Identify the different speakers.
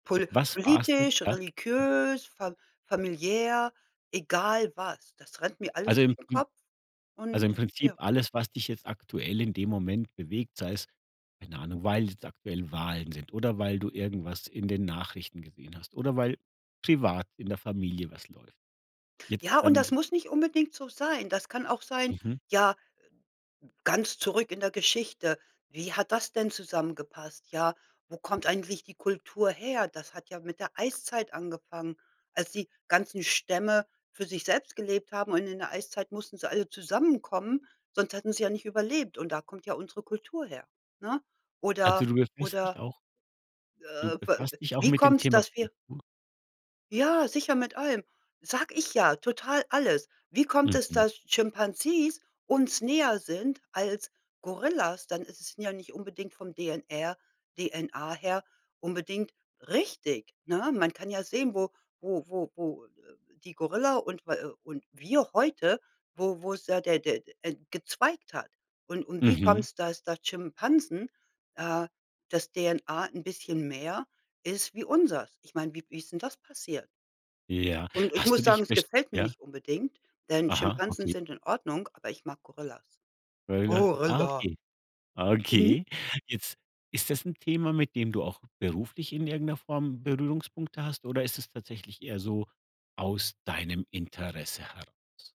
Speaker 1: Pol
Speaker 2: Was war's denn
Speaker 1: politisch,
Speaker 2: da?
Speaker 1: religiös, fam familiär, egal was. Das rennt mir alles
Speaker 2: Also im
Speaker 1: durch den
Speaker 2: im
Speaker 1: Kopf
Speaker 2: also, im
Speaker 1: und,
Speaker 2: Prinzip
Speaker 1: ja
Speaker 2: alles, was dich jetzt aktuell in dem Moment bewegt, sei es, keine Ahnung, weil jetzt aktuell Wahlen sind oder weil du irgendwas in den Nachrichten gesehen hast oder weil privat in der Familie was läuft. Jetzt
Speaker 1: Ja, und
Speaker 2: dann
Speaker 1: das
Speaker 2: t
Speaker 1: muss nicht unbedingt so sein. Das kann auch sein,
Speaker 2: Mhm.
Speaker 1: ja, äh, hm ganz zurück in der Geschichte, wie hat das denn zusammengepasst? Ja, wo kommt eigentlich die Kultur her? Das hat ja mit der Eiszeit angefangen, als die ganzen Stämme für sich selbst gelebt haben und in der Eiszeit mussten sie alle zusammenkommen, sonst hätten sie ja nicht überlebt und da kommt ja unsere Kultur her, ne?
Speaker 2: Also,
Speaker 1: Oder
Speaker 2: du befasst dich
Speaker 1: oder
Speaker 2: auch du
Speaker 1: äh, b w
Speaker 2: befasst dich auch
Speaker 1: wie
Speaker 2: mit dem
Speaker 1: kommt's,
Speaker 2: Thema
Speaker 1: dass wir
Speaker 2: Kultur?
Speaker 1: Ja, sicher, mit allem, sage ich ja, total, alles. Wie kommt es,
Speaker 2: Mhm.
Speaker 1: dass Chimpanzees uns näher sind als Gorillas? Dann es sind ja nicht unbedingt vom DNR, DNA her unbedingt richtig, ne? Man kann ja sehen, wo wo wo wo, äh, die Gorilla und w äh, und wir heute, wo wo ist da der der der, äh, gezweigt hat. Und und wie
Speaker 2: Mhm.
Speaker 1: kommt's, dass da Schimpansen, äh dass DNA 'n bisschen mehr ist wie unseres? Ich meine, wie wie ist denn das passiert?
Speaker 2: Ja,
Speaker 1: Und ich
Speaker 2: hast du
Speaker 1: muss sagen,
Speaker 2: dich
Speaker 1: es
Speaker 2: besch
Speaker 1: gefällt mir
Speaker 2: ja?
Speaker 1: nicht unbedingt, denn
Speaker 2: Aha,
Speaker 1: Schimpansen
Speaker 2: okay.
Speaker 1: sind in Ordnung, aber ich mag Gorillas.
Speaker 2: Gorilla, ah,
Speaker 1: Gorilla.
Speaker 2: okay.
Speaker 1: Mhm.
Speaker 2: Okay. Jetzt ist das 'n Thema, mit dem du auch beruflich in irgend 'ner Form Berührungspunkte hast oder ist es tatsächlich eher so aus deinem Interesse heraus?